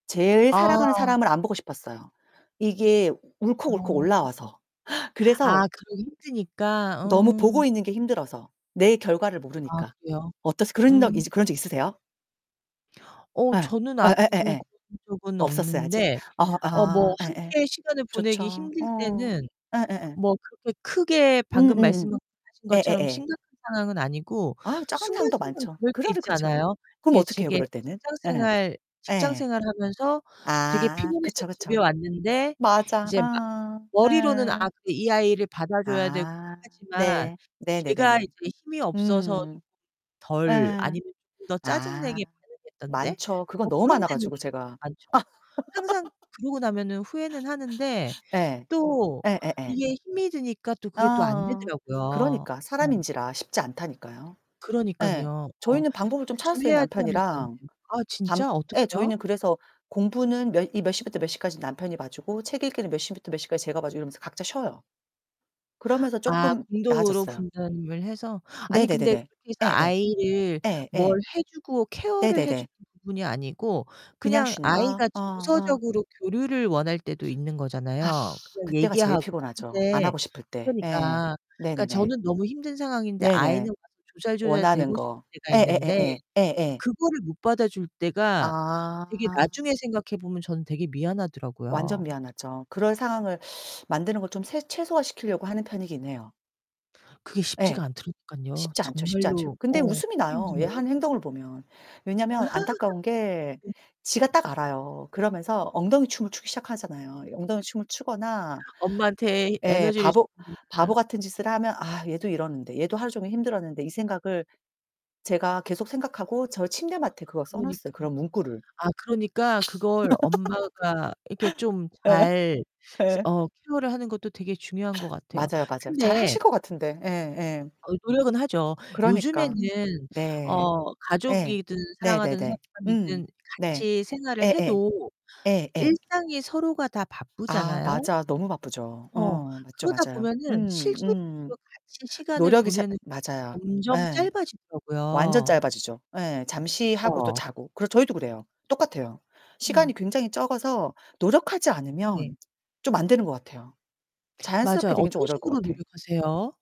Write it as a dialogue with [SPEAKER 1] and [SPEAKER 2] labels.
[SPEAKER 1] 제일 사랑하는
[SPEAKER 2] 아.
[SPEAKER 1] 사람을 안 보고 싶었어요 이게 울컥울컥
[SPEAKER 2] 어.
[SPEAKER 1] 올라와서. 그래서
[SPEAKER 2] 아, 그러기 힘드니까.
[SPEAKER 1] 너무 보고
[SPEAKER 2] 음.
[SPEAKER 1] 있는 게 힘들어서 내 결과를
[SPEAKER 2] 아,
[SPEAKER 1] 모르니까
[SPEAKER 2] 그래요?
[SPEAKER 1] 어떠세요? 그런 적
[SPEAKER 2] 음.
[SPEAKER 1] 그런 적 있으세요?
[SPEAKER 2] 어,
[SPEAKER 1] 예.
[SPEAKER 2] 저는 아직은
[SPEAKER 1] 예예예예.
[SPEAKER 2] 그런 적은
[SPEAKER 1] 없었어요, 아직?
[SPEAKER 2] 없는데
[SPEAKER 1] 어
[SPEAKER 2] 어 뭐
[SPEAKER 1] 아. 예예.
[SPEAKER 2] 함께 시간을 보내기
[SPEAKER 1] 좋죠.
[SPEAKER 2] 힘들
[SPEAKER 1] 어,
[SPEAKER 2] 때는
[SPEAKER 1] 예예예.
[SPEAKER 2] 뭐 그렇게 크게 방금
[SPEAKER 1] 음음음.
[SPEAKER 2] 말씀하신 것처럼
[SPEAKER 1] 예예예.
[SPEAKER 2] 심각한 상황은 아니고
[SPEAKER 1] 아, 짜증나는 상황도
[SPEAKER 2] 순간순간
[SPEAKER 1] 많죠.
[SPEAKER 2] 그럴 때
[SPEAKER 1] 그러려
[SPEAKER 2] 있지
[SPEAKER 1] 그쵸.
[SPEAKER 2] 않아요?
[SPEAKER 1] 그럼
[SPEAKER 2] 이게
[SPEAKER 1] 어떡해요
[SPEAKER 2] 제게
[SPEAKER 1] 그럴 때는?
[SPEAKER 2] 직장
[SPEAKER 1] 예.
[SPEAKER 2] 생활 직장
[SPEAKER 1] 예.
[SPEAKER 2] 생활 하면서 되게
[SPEAKER 1] 아.
[SPEAKER 2] 피곤해서
[SPEAKER 1] 그쵸
[SPEAKER 2] 집에
[SPEAKER 1] 그쵸.
[SPEAKER 2] 왔는데
[SPEAKER 1] 맞아.
[SPEAKER 2] 이제 막
[SPEAKER 1] 아.
[SPEAKER 2] 머리로는 '아,
[SPEAKER 1] 예.
[SPEAKER 2] 그래. 이 아이를 받아줘야 되고'
[SPEAKER 1] 아.
[SPEAKER 2] 하지만
[SPEAKER 1] 네.
[SPEAKER 2] 제가
[SPEAKER 1] 네네네네.
[SPEAKER 2] 이제 힘이 없어서
[SPEAKER 1] 음.
[SPEAKER 2] 덜
[SPEAKER 1] 예.
[SPEAKER 2] 아니면 좀 더 짜증 내게
[SPEAKER 1] 아.
[SPEAKER 2] 반응했던 때?
[SPEAKER 1] 많죠, 그건
[SPEAKER 2] 뭐
[SPEAKER 1] 너무
[SPEAKER 2] 그런
[SPEAKER 1] 많아
[SPEAKER 2] 때는
[SPEAKER 1] 가지고 제가.
[SPEAKER 2] 많죠. 항상 그러고 나면은 후회는 하는데
[SPEAKER 1] 예.
[SPEAKER 2] 또
[SPEAKER 1] 예예예.
[SPEAKER 2] 이게 힘이 드니까 또 그게 또 안
[SPEAKER 1] 어어.
[SPEAKER 2] 되더라고요.
[SPEAKER 1] 그러니까
[SPEAKER 2] 어.
[SPEAKER 1] 사람인지라 쉽지 않다니까요. 예.
[SPEAKER 2] 그러니깐요. 어,
[SPEAKER 1] 저희는 방법을 좀 찾았어요,
[SPEAKER 2] 조심해야지 하면서 안
[SPEAKER 1] 남편이랑.
[SPEAKER 2] 돼요. 아
[SPEAKER 1] 밤
[SPEAKER 2] 진짜?
[SPEAKER 1] 예,
[SPEAKER 2] 어떻게요?
[SPEAKER 1] 저희는 그래서 공부는 몇 이 몇 시부터 몇 시까지 남편이 봐주고 책 읽기는 몇 시부터 몇 시까지 제가 봐주고 이러면서 각자 쉬어요. 그러면서
[SPEAKER 2] 아.
[SPEAKER 1] 쪼끔
[SPEAKER 2] 공동으로
[SPEAKER 1] 나아졌어요.
[SPEAKER 2] 분담을 해서? 아니 근데
[SPEAKER 1] 네네네네.
[SPEAKER 2] 그렇게 해서
[SPEAKER 1] 예예.
[SPEAKER 2] 아이를 뭘
[SPEAKER 1] 예예.
[SPEAKER 2] 해 주고 케어를 해
[SPEAKER 1] 네네네.
[SPEAKER 2] 주는 부분이 아니고
[SPEAKER 1] 그냥
[SPEAKER 2] 그냥
[SPEAKER 1] 쉬는 거?
[SPEAKER 2] 아이가
[SPEAKER 1] 어 어.
[SPEAKER 2] 정서적으로 교류를 원할 때도 있는
[SPEAKER 1] 아.
[SPEAKER 2] 거잖아요 그냥
[SPEAKER 1] 그때가 제일
[SPEAKER 2] 얘기하고.
[SPEAKER 1] 피곤하죠, 안
[SPEAKER 2] 근데
[SPEAKER 1] 하고 싶을 때. 예.
[SPEAKER 2] 그러니까 그러니까
[SPEAKER 1] 네네네.
[SPEAKER 2] 저는 너무 힘든 상황인데
[SPEAKER 1] 네네.
[SPEAKER 2] 아이는 막
[SPEAKER 1] 원하는
[SPEAKER 2] 조잘조잘대고 싶을
[SPEAKER 1] 거.
[SPEAKER 2] 때가 있는데
[SPEAKER 1] 예예예예. 예예.
[SPEAKER 2] 그거를 못 받아줄 때가 되게
[SPEAKER 1] 아.
[SPEAKER 2] 나중에 생각해 보면 저는 되게
[SPEAKER 1] 완전
[SPEAKER 2] 미안하더라고요.
[SPEAKER 1] 미안하죠. 그런 상황을 만드는 걸 좀 새 최소화 시키려고 하는 편이긴 해요.
[SPEAKER 2] 그게
[SPEAKER 1] 예.
[SPEAKER 2] 쉽지가 않더라니깐요.
[SPEAKER 1] 쉽지 않죠, 쉽지 않죠.
[SPEAKER 2] 정말로 어,
[SPEAKER 1] 근데 웃음이
[SPEAKER 2] 너무
[SPEAKER 1] 나요 얘
[SPEAKER 2] 힘들어요.
[SPEAKER 1] 하는 행동을 보면. 왜냐하면 안타까운 게 지가 딱 알아요. 그러면서 엉덩이 춤을 추기 시작하잖아요. 엉덩이춤을 추거나
[SPEAKER 2] 엄마한테
[SPEAKER 1] 예,
[SPEAKER 2] 에너지를
[SPEAKER 1] 바보 바보
[SPEAKER 2] 주는구나.
[SPEAKER 1] 같은 짓을 하면 '아, 얘도 이러는데 얘도 하루 종일 힘들었는데.' 이 생각을 제가 계속 생각하고 저 침대 맡에 그걸 써놨어요
[SPEAKER 2] 그러니까.
[SPEAKER 1] 그런 문구를.
[SPEAKER 2] 아, 그러니까 그걸 엄마가 이렇게 좀
[SPEAKER 1] 예.
[SPEAKER 2] 잘
[SPEAKER 1] 예.
[SPEAKER 2] 어 케어를 하는 것도 되게 중요한 것 같아요.
[SPEAKER 1] 맞아요 맞아요. 잘
[SPEAKER 2] 근데
[SPEAKER 1] 하실 것 같은데. 예 예.
[SPEAKER 2] 어, 노력은 하죠.
[SPEAKER 1] 그러니까.
[SPEAKER 2] 요즘에는
[SPEAKER 1] 네.
[SPEAKER 2] 어,
[SPEAKER 1] 예.
[SPEAKER 2] 가족이든 사랑하는
[SPEAKER 1] 네네네. 음.
[SPEAKER 2] 사람이든
[SPEAKER 1] 네.
[SPEAKER 2] 같이 생활을
[SPEAKER 1] 예예.
[SPEAKER 2] 해도
[SPEAKER 1] 예예.
[SPEAKER 2] 일상이 서로가 다
[SPEAKER 1] 아
[SPEAKER 2] 바쁘잖아요?
[SPEAKER 1] 맞아. 너무 바쁘죠.
[SPEAKER 2] 어,
[SPEAKER 1] 어, 맞죠
[SPEAKER 2] 그러다
[SPEAKER 1] 맞아요.
[SPEAKER 2] 보면은
[SPEAKER 1] 음 음.
[SPEAKER 2] 실질적으로 같이 시간을
[SPEAKER 1] 노력이 잘
[SPEAKER 2] 보내는 게
[SPEAKER 1] 맞아요.
[SPEAKER 2] 점점
[SPEAKER 1] 예. 완전
[SPEAKER 2] 짧아지더라고요.
[SPEAKER 1] 짧아지죠. 예, 잠시하고 또
[SPEAKER 2] 그쵸.
[SPEAKER 1] 자고. 그래서 저희도 그래요. 똑같아요.
[SPEAKER 2] 음.
[SPEAKER 1] 시간이 굉장히 적어서 노력하지
[SPEAKER 2] 네.
[SPEAKER 1] 않으면 좀 안 되는 것 같아요.
[SPEAKER 2] 맞아요.
[SPEAKER 1] 자연스럽게 되긴 좀
[SPEAKER 2] 어떤
[SPEAKER 1] 어려울 것
[SPEAKER 2] 식으로
[SPEAKER 1] 같아.
[SPEAKER 2] 노력하세요?